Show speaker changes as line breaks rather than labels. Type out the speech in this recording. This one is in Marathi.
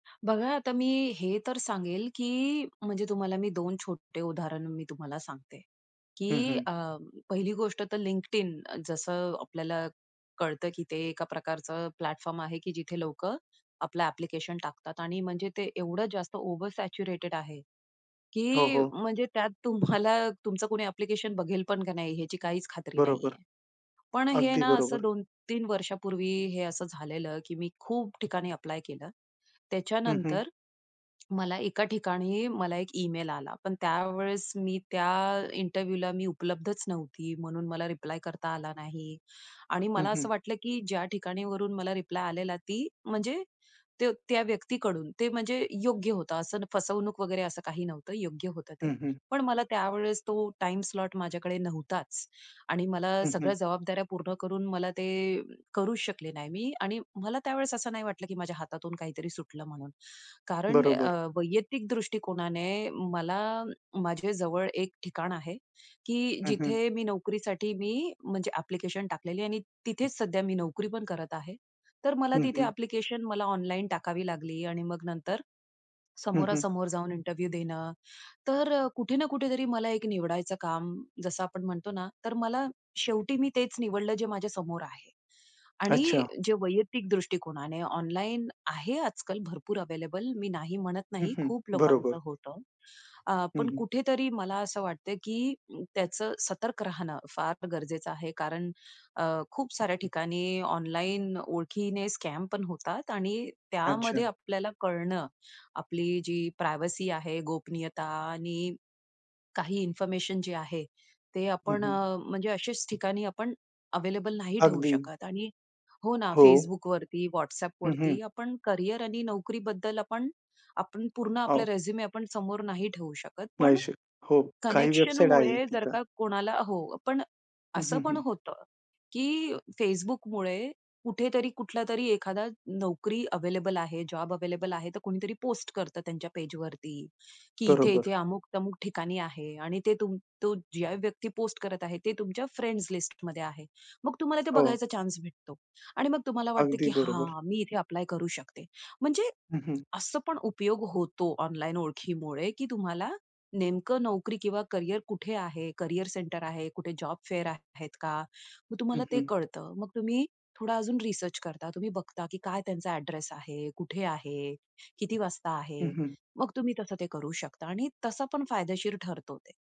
बघा, आता मी हे तर सांगेल, की म्हणजे तुम्हाला मी दोन छोट्टे उदाहरण मी तुम्हाला सांगते,
हं,
की
हं.
अ, पहिली गोष्ट तर LinkedIn जसं आपल्याला कळतं, की ते एका प्रकारचं प्लॅटफॉर्म आहे, की जिथे लोकं आपलं ॲप्लिकेशन टाकतात. आणि म्हणजे ते एवढं जास्त ओव्हर सॅच्युरेटेड आहे,
हो,
की
हो.
म्हणजे त्यात तुम्हाला तुमचं कुणी ॲप्लिकेशन बघेल पण का नाही ह्याची काहीच खात्री
बरोबर.
नाहीये. पण हे
अगदी
ना असं
बरोबर.
2-3 वर्षापूर्वी हे असं झालेलं, की मी खूप ठिकाणी ॲप्लाय केलं.
हं, हं.
त्याच्यानंतर मला एका ठिकाणी मला एक ईमेल आला, पण त्यावेळेस मी त्या इंटरव्ह्यूला मी उपलब्धच नव्हती. म्हणून मला रिप्लाय करता आला नाही. आणि
हं,
मला असं
हं.
वाटलं, की ज्या ठिकाणीवरून मला रिप्लाय आलेला, ती म्हणजे ते त्या व्यक्तीकडून, ते म्हणजे योग्य होतं. असं फसवणूक वगैरे असं काही नव्हतं. योग्य होतं ते.
हं, हं.
पण मला त्यावेळेस तो टाईम स्लॉट माझ्याकडे नव्हताच आणि मला
हं, हं.
सगळ्या जबाबदाऱ्या पूर्ण करून मला ते करूच शकले नाही मी. आणि मला त्या वेळेस असं नाही वाटलं, की माझ्या हातातून काहीतरी सुटलं म्हणून कारण अ,
बरोबर.
वैयक्तिक दृष्टिकोनाने मला माझ्या जवळ एक ठिकाण आहे, की
हं, हं.
जिथे मी नोकरीसाठी मी म्हणजे ॲप्लिकेशन टाकलेली आहे. आणि तिथेच सध्या मी नोकरी पण करत आहे. तर मला
हं,
तिथे
हं.
ॲप्लिकेशन मला ऑनलाईन टाकावी लागली. आणि मग नंतर
हं, हं.
समोरासमोर जाऊन इंटरव्ह्यूला देणं. तर कुठे ना कुठेतरी मला एक निवडायचं काम जसं आपण म्हणतो ना, तर मला शेवटी मी तेच निवडलं जे माझ्या समोर आहे. आणि
अच्छा.
जे वैयक्तिक दृष्टिकोनाने ऑनलाईन आहे, आजकाल भरपूर अवेलेबल मी नाही म्हणत
हं,
नाही.
हं.
खूप
बरोबर.
लोकांचं होतं. अ,
हं,
पण
हं.
कुठेतरी मला असं वाटतं, की त्याचं सतर्क राहणं फार गरजेचं आहे. कारण अ, खूप साऱ्या ठिकाणी ऑनलाईन ओळखीने स्कॅम पण होतात. आणि
अच्छा!
त्यामध्ये आपल्याला कळणं आपली जी प्रायव्हसी आहे, गोपनीयता आणि काही इन्फॉर्मेशन जे आहे, ते
हं,
आपण
हं.
अ, म्हणजे अशाच ठिकाणी आपण अवेलेबल नाही ठेवू
अगदी.
शकत. आणि हो ना,
हो.
Facebookवरती,
हं, हं.
WhatsAppवरती आपण करियर आणि नोकरीबद्दल आपण, आपण पूर्ण आपला
हो.
रिझ्युम आपण समोर नाही ठेवू शकत. पण
[unintelligible] हो काही वेबसाईट आहे
कनेक्शनमुळे जर
तिथं.
का कोणाला हो. पण
हं,
असं
हं,
पण
हं.
होतं, की Facebookमुळे कुठेतरी कुठलातरी एखादा नोकरी अवेलेबल आहे, जॉब अवेलेबल आहे. तर कोणीतरी पोस्ट करतं त्यांच्या पेजवरती, की
बरोबर.
इथे-इथे अमुक-तमुक ठिकाणी आहे आणि ते तुम तो ज्या व्यक्ती पोस्ट करत आहे ते तुमच्या फ्रेंड्स लिस्ट मध्ये आहे. मग तुम्हाला ते
हो.
बघायचा चान्स भेटतो. आणि मग तुम्हाला वाटतं,
अगदी
की,
बरोबर.
हां, मी इथे ॲप्लाय करू शकते. म्हणजे
हं, हं.
असं पण उपयोग होतो ऑनलाईन ओळखीमुळे, की तुम्हाला नेमकं नोकरी किंवा करियर कुठे आहे, करियर सेंटर आहे, कुठे जॉब फेअर आहेत का? मग
हं,
तुम्हाला ते
हं.
कळतं. मग तुम्ही थोडा अजून रिसर्च करता. तुम्ही बघता, की काय त्यांचा अ‍ॅड्रेस आहे, कुठे आहे? किती वाजता
हं,
आहे?
हं.
मग तुम्ही तसं ते करू शकता आणि तसं पण फायदेशीर ठरतो ते.